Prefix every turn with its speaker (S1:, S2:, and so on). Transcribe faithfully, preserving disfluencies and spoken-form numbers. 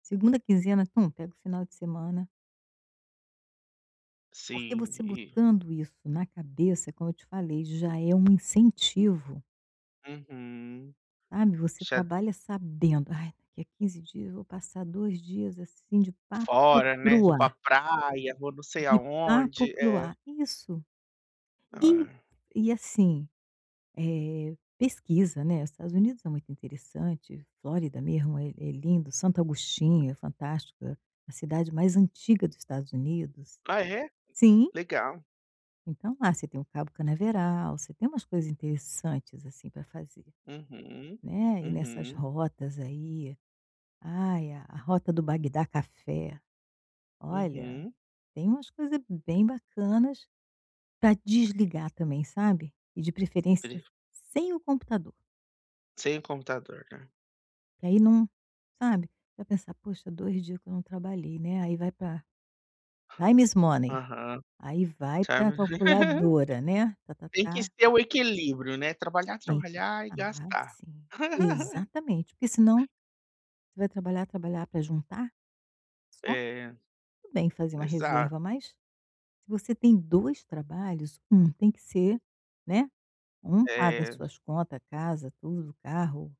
S1: Segunda quinzena, tum, pega o final de semana Porque,
S2: Sim,
S1: você
S2: entendi.
S1: botando isso na cabeça é como eu te falei, já é um incentivo.
S2: Uhum.
S1: Sabe, você
S2: Você é
S1: trabalha sabendo: "Ai, daqui a quinze dias, eu vou passar dois dias, assim, de papo
S2: Fora,
S1: para
S2: né.
S1: o
S2: "Vou pra
S1: ar".
S2: praia, vou não sei
S1: De papo
S2: aonde".
S1: para o
S2: É.
S1: ar. Isso. E
S2: Ah.
S1: e, assim, eh, pesquisa, né, Estados Unidos é muito interessante, Flórida mesmo é é lindo, Santo Augustinho é fantástica, a cidade mais antiga do Estados Unidos.
S2: Ah, é?
S1: Sim.
S2: Legal.
S1: Então lá, você tem o cabo Canaveral, você tem umas coisas interessantes, assim, pra fazer,
S2: Uhum.
S1: né, ir nessas
S2: Uhum.
S1: rotas aí. Ai, a a rota do Bagdá Café, olha,
S2: Uhum.
S1: tem umas coisa bem bacanas pra desligar também, sabe. E de
S2: Tri
S1: preferência sem o computador.
S2: Sem o computador, né.
S1: Porque aí não sabe, você vai pensar: "Poxa, dois dias que eu não trabalhei, né". Aí vai pra time is money.
S2: Aham.
S1: Aí vai
S2: Tá
S1: pra
S2: m
S1: calculadora, né,
S2: Tem que
S1: ta-ta-ta.
S2: ser o equilíbrio, né, trabalhar,
S1: Tem que
S2: trabalhar e
S1: ah,
S2: gastar.
S1: sim. Exatamente. Porque senão você vai trabalhar, trabalhar, pra juntar só?
S2: É.
S1: Tudo bem fazer uma
S2: Exa
S1: reserva, mas se você tem dois trabalhos, um tem que ser né, um paga as
S2: É.
S1: suas conta, a casa, tudo, o carro